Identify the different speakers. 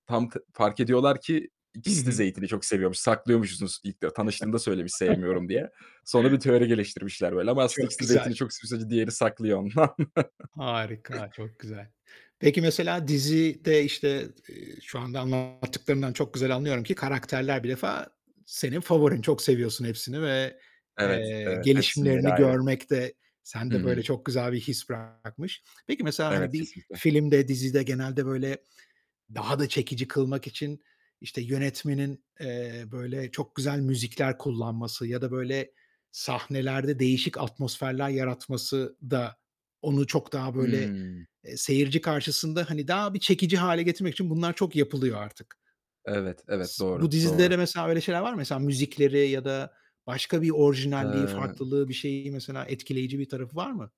Speaker 1: Tam tı fark ediyorlar ki
Speaker 2: Hı
Speaker 1: ikisi de
Speaker 2: hı.
Speaker 1: zeytini çok seviyormuş, saklıyormuşsunuz ilk de tanıştığında söylemiş, sevmiyorum diye. Sonra bir teori geliştirmişler böyle, ama aslında
Speaker 2: Çok
Speaker 1: ikisi de
Speaker 2: güzel.
Speaker 1: zeytini çok seviyor, sadece diğeri saklıyor ondan.
Speaker 2: Harika, çok güzel. Peki mesela dizide, işte, eee, şu anda anlattıklarından çok güzel anlıyorum ki karakterler bir defa senin favorin, çok seviyorsun hepsini ve,
Speaker 1: Evet,
Speaker 2: eee,
Speaker 1: evet. Hepsinin yeri
Speaker 2: gelişimlerini
Speaker 1: ayrı.
Speaker 2: görmek de
Speaker 1: Hı
Speaker 2: sende, böyle,
Speaker 1: hı.
Speaker 2: çok güzel bir his bırakmış. Peki, mesela,
Speaker 1: Evet,
Speaker 2: hani, bir
Speaker 1: kesinlikle.
Speaker 2: filmde, dizide genelde böyle daha da çekici kılmak için, işte, yönetmenin, eee, böyle çok güzel müzikler kullanması ya da, böyle, sahnelerde değişik atmosferler yaratması da onu çok daha, böyle,
Speaker 1: Hıı.
Speaker 2: seyirci karşısında, hani, daha bir çekici hâle getirmek için bunlar çok yapılıyor artık.
Speaker 1: Evet, evet.
Speaker 2: S Bu
Speaker 1: Doğru,
Speaker 2: dizide
Speaker 1: doğru.
Speaker 2: de mesela öyle şeyler var mı? Mesela müzikleri ya da başka bir orijinalliği,
Speaker 1: Eee
Speaker 2: farklılığı, bir şeyi, mesela etkileyici bir tarafı var mı?